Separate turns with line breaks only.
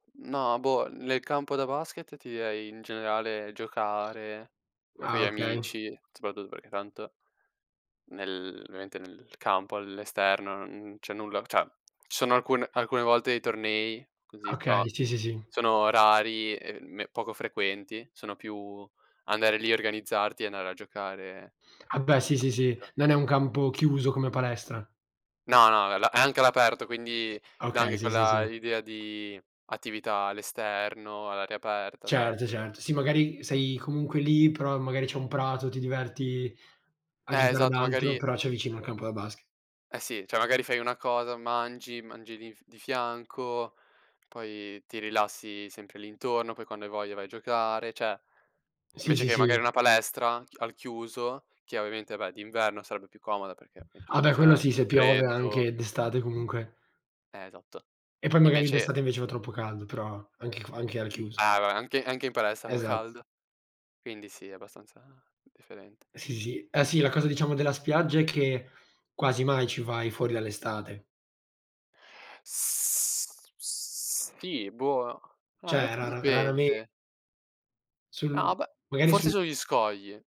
No, boh, nel campo da basket ti direi, in generale, giocare con
Ah
gli
okay.
amici, soprattutto perché tanto, nel ovviamente nel campo all'esterno non c'è nulla, cioè, ci sono alcune alcune volte dei tornei così, però
Okay, sì, sì, sì.
sono rari e me poco frequenti, sono più, andare lì organizzarti e andare a giocare,
Ah beh sì, sì, sì,
appunto.
non è un campo chiuso come palestra.
No, no, è al è anche all'aperto, quindi dà
Okay,
anche
sì, sì,
quella,
sì.
l'idea di attività all'esterno, all'aria aperta, cioè.
Certo certo, sì, magari sei comunque lì, però magari c'è un prato, ti diverti a
Eh
giocare ad
esatto,
altro,
magari
però c'hai vicino il campo da baske
eh sì, cioè magari fai una cosa, mangi mangi di f di fianco, poi ti rilassi sempre lì intorno, poi quando hai voglia vai a giocare, cioè,
Sì,
invece
sì,
che magari
sì.
una palestra ch al chiuso, che ovviamente beh, d'inverno sarebbe più comoda perché metti
Ah
che
beh quello
c'è
sì, se piove
freddo
anche d'estate comunque.
Eh esatto.
E poi magari
Invece
d'estate invece fa troppo caldo, però anche qua anche al chiuso.
Eh, vabbè anche anche in palestra fa
Esa e
caldo. Quindi sì, abbastanza differente.
Sì, sì, sì, eh sì, la cosa diciamo della spiaggia è che quasi mai ci vai fuori dall'estate.
S sì, boh, no, in
Cioè,
realtà
rara raramen
dipende.
Sul,
No, beh,
magari
forse
su
sugli scogli.